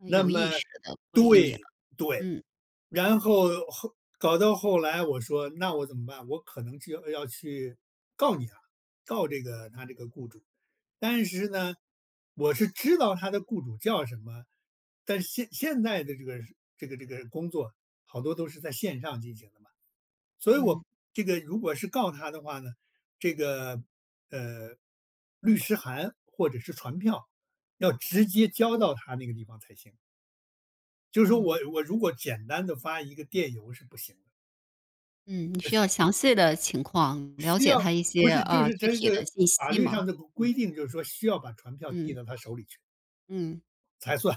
呃，那有么，意识地不理你了。对，对。嗯。然后后搞到后来，我说那我怎么办，我可能就要去告你了，告这个他这个雇主。但是呢，我是知道他的雇主叫什么，但是现现在的这个这个这个工作好多都是在线上进行的嘛。所以嗯。我这个如果是告他的话呢，这个，呃，律师函或者是传票，要直接交到他那个地方才行。就是说哦。我我如果简单地发一个电邮是不行的。嗯，你呃，需要是。详细的情况，了需解要，他一些，不是就呃，是具这体个的信法息律吗？上的规嗯。规定，就是说需要把传票递嗯。到他手里去。嗯。才算。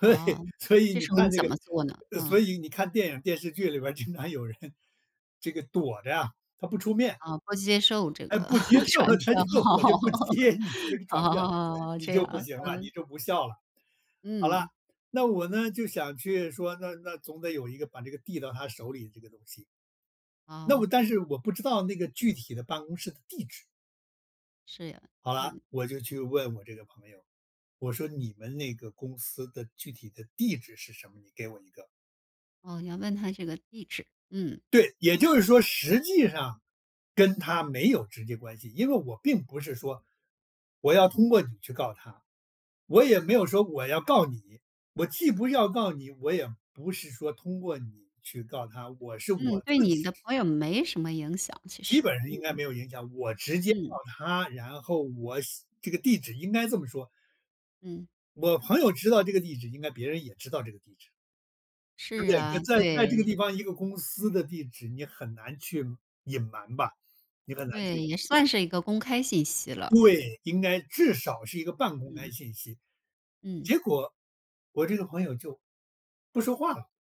对，哦，所以这你时候你看这怎么做呢？个所嗯。以你看电影、电视剧里边儿经常有人这个躲着啊，他不出面。啊，不接受这哎，个，不接 受，传他票。就我就不接你那个 传票。哦，你这就样，不行了，嗯。你就不笑了。好了，嗯。那我呢，就想去说，那那总得有一个把这个递到他手里的这个东西。那哦。我但是我不知道那个具体的办公室的地址。是呀，好了，嗯。我就去问我这个朋友。我说你们那个公司的具体的地址是什么？你给我一个。哦，你要问他这个地址，嗯。对，也就是说实际上跟他没有直接关系。因为我并不是说，我要通过你去告他，我也没有说我要告你。我既不要告你，我也不是说通过你去告他，我是我嗯，对自己你的朋友没什么影响，其基实。本上应该没嗯。有影响，我直接告嗯。他，然后我写这个地址应该这么说嗯。我朋友知道这个地址，应该别人也知道这个地址。呃，是对，啊，在在这个地对。方，一个公司的地址你很难去隐瞒吧，你很难对，去也算是一个公开信息了，对。对，应该至少是一个半公开嗯。信息。嗯。结果，我这个朋友，就不说话了。